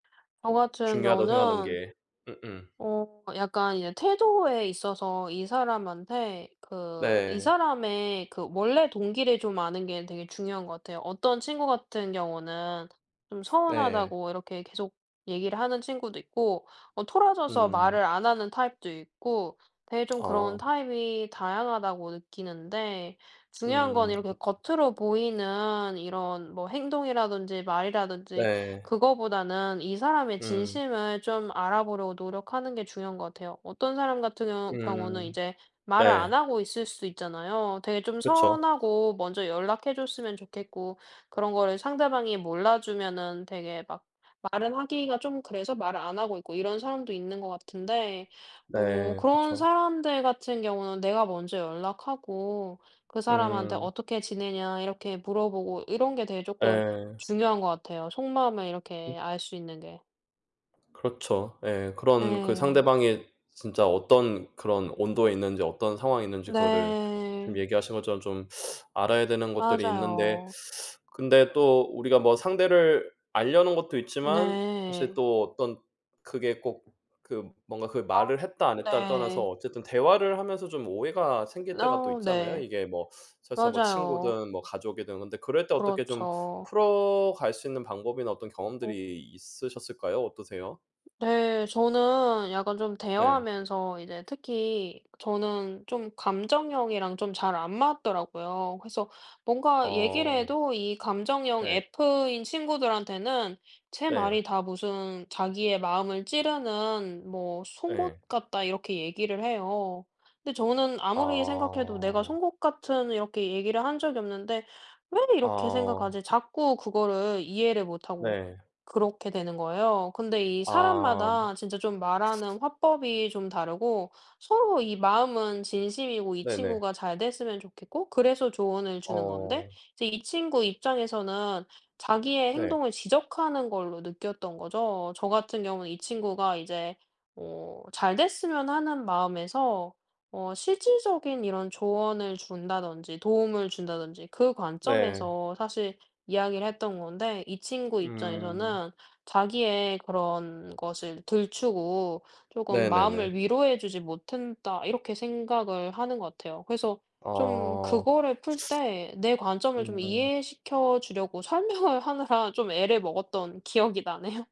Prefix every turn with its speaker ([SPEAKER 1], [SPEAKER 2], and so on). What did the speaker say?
[SPEAKER 1] 저 같은
[SPEAKER 2] 중요하다고 생각하는
[SPEAKER 1] 경우는
[SPEAKER 2] 게 음음.
[SPEAKER 1] 어 약간 이제 태도에 있어서 이 사람한테 그 이
[SPEAKER 2] 네.
[SPEAKER 1] 사람의 그 원래 동기를 좀 아는 게 되게 중요한 것 같아요. 어떤 친구 같은 경우는 "좀
[SPEAKER 2] 네.
[SPEAKER 1] 서운하다."고 이렇게 계속 얘기를 하는 친구도 있고 뭐 토라져서
[SPEAKER 2] 음.
[SPEAKER 1] 말을 안 하는 타입도 있고 되게 좀 그런
[SPEAKER 2] 어.
[SPEAKER 1] 타입이 다양하다고 느끼는데 중요한 건
[SPEAKER 2] 음.
[SPEAKER 1] 이렇게
[SPEAKER 2] 그
[SPEAKER 1] 겉으로 보이는 이런 뭐 행동이라든지 말이이라든지
[SPEAKER 2] 네.
[SPEAKER 1] 그거보다는 이 사람의
[SPEAKER 2] 음.
[SPEAKER 1] 진심을 좀 알아보려고 노력하는 게 중요한 것 같아요. 어떤 사람 같은 경우 경우는
[SPEAKER 2] 음.
[SPEAKER 1] 이제 말을 안
[SPEAKER 2] 네.
[SPEAKER 1] 하고 있을 수 있잖아요. 되게 좀
[SPEAKER 2] 그쵸.
[SPEAKER 1] '서운하고, 먼저 연락해 줬으면 좋겠고.' 그런 거를 상대방이 몰라 주면은 되게 막 말을 하기가 좀 그래서 말을 안 하고 있고 이런 사람도 있는 것 같은데 어
[SPEAKER 2] 네.
[SPEAKER 1] 그런
[SPEAKER 2] 그쵸.
[SPEAKER 1] 사람들 같은 경우는 내가 먼저 연락하고 그 사람한테
[SPEAKER 2] 음.
[SPEAKER 1] "어떻게 지내냐?" 이렇게 물어보고 이런 게 되게 조금
[SPEAKER 2] 예.
[SPEAKER 1] 중요한 것 같아요. 속마음을
[SPEAKER 2] 그
[SPEAKER 1] 이렇게 알 수 있는 게.
[SPEAKER 2] 그렇죠. 예. 그런 그
[SPEAKER 1] 예.
[SPEAKER 2] 상대방이 진짜 어떤 그런 온도에 있는지 어떤 상황에 있는지 그거를 지금
[SPEAKER 1] 네.
[SPEAKER 2] 얘기하신 것처럼 좀 알아야 되는 것들이 있는데
[SPEAKER 1] 맞아요.
[SPEAKER 2] 근데 또 우리가 상대를 알려는 것도 있지만 사실
[SPEAKER 1] 네.
[SPEAKER 2] 또 어떤 그게 꼭 그 뭔가 '그
[SPEAKER 1] 아
[SPEAKER 2] 말을 했다, 안 했다.'를 떠나서
[SPEAKER 1] 네.
[SPEAKER 2] 어쨌든 대화를 하면서 좀 오해가
[SPEAKER 1] 으
[SPEAKER 2] 생길 때가 또
[SPEAKER 1] 너
[SPEAKER 2] 있잖아요.
[SPEAKER 1] 네.
[SPEAKER 2] 이게 뭐 설사
[SPEAKER 1] 맞아요.
[SPEAKER 2] 친구든 뭐 가족이든 근데 그럴 때 어떻게 좀
[SPEAKER 1] 그렇죠.
[SPEAKER 2] 풀어갈 수 있는 방법이나 어떤 경험들이
[SPEAKER 1] 음.
[SPEAKER 2] 있으셨을까요? 어떠세요?
[SPEAKER 1] 네. 저는 약간 좀
[SPEAKER 2] 예.
[SPEAKER 1] 대화하면서 이제 특히 저는 좀 감정형이랑 좀 잘 안 맞더라고요. 그래서 뭔가 얘기를
[SPEAKER 2] 어.
[SPEAKER 1] 해도 이 감정형
[SPEAKER 2] 네.
[SPEAKER 1] F인 친구들한테는 제
[SPEAKER 2] 네.
[SPEAKER 1] 말이 다 무슨 "자기의 마음을 찌르는 뭐 송곳
[SPEAKER 2] 예.
[SPEAKER 1] 같다." 이렇게 얘기를 해요. 근데 저는 아무리 생각해도 내가
[SPEAKER 2] 아.
[SPEAKER 1] 송곳 같은 이렇게 얘기를 한 적이 없는데 '왜 이렇게
[SPEAKER 2] 어.
[SPEAKER 1] 생각하지?' 자꾸 그거를 이해를 못하고
[SPEAKER 2] 네.
[SPEAKER 1] 그렇게 되는 거예요. 근데 이
[SPEAKER 2] 그 어 아. 뭐
[SPEAKER 1] 사람마다 진짜 좀 말하는 화법이 좀 다르고 서로 이 마음은 진심이고 이
[SPEAKER 2] 네네.
[SPEAKER 1] 친구가 잘 됐으면 좋겠고 그래서 조언을 주는 건데
[SPEAKER 2] 어.
[SPEAKER 1] 이제 이 친구 입장에서는 자기의
[SPEAKER 2] 네.
[SPEAKER 1] 행동을 지적하는 걸로 느꼈던 거죠. 저 같은 경우는 이 친구가 이제 뭐 잘 됐으면 하는 마음에서 어 실질적인 이런 조언을 준다든지 도움을 준다든지 그
[SPEAKER 2] 네.
[SPEAKER 1] 관점에서 사실 이야기를 했던 건데 이 친구
[SPEAKER 2] 음.
[SPEAKER 1] 입장에서는 '자기의 그런 것을 들추고 조금
[SPEAKER 2] 네네네.
[SPEAKER 1] 마음을 위로해 주지 못했다.' 이렇게 생각을 하는 것 같아요. 그래서 좀
[SPEAKER 2] 어.
[SPEAKER 1] 그거를 풀 때 내 관점을 좀
[SPEAKER 2] 음.
[SPEAKER 1] 이해시켜 주려고 설명을 하느라 좀 애를 먹었던 기억이 나네요.